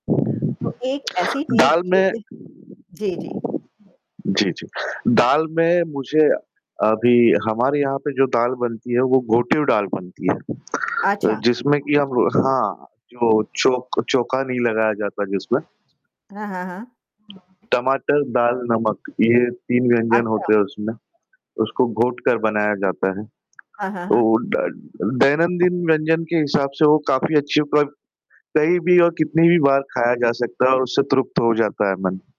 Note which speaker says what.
Speaker 1: तो एक ऐसी चीज़
Speaker 2: दाल
Speaker 1: जो
Speaker 2: में
Speaker 1: कि जी, जी।
Speaker 2: जी, जी। दाल में मुझे, अभी हमारे यहाँ पे जो दाल बनती है, वो घोटिव दाल बनती है।
Speaker 1: अच्छा।
Speaker 2: जिसमे की हम हाँ, जो चौक चौका नहीं लगाया जाता है जिसमें।
Speaker 1: हाँ, हाँ, हाँ।
Speaker 2: टमाटर, दाल, नमक ये तीन व्यंजन
Speaker 1: अच्छा।
Speaker 2: होते है उसमे, उसको घोट कर बनाया जाता है।
Speaker 1: हाँ, हाँ,
Speaker 2: तो
Speaker 1: हाँ।
Speaker 2: ड दैनंदिन व्यंजन के हिसाब से वो काफ़ी अच्छी हो पर कही भी और कितनी भी बार खाया जा सकता है और उससे तृप्त हो जाता है मन।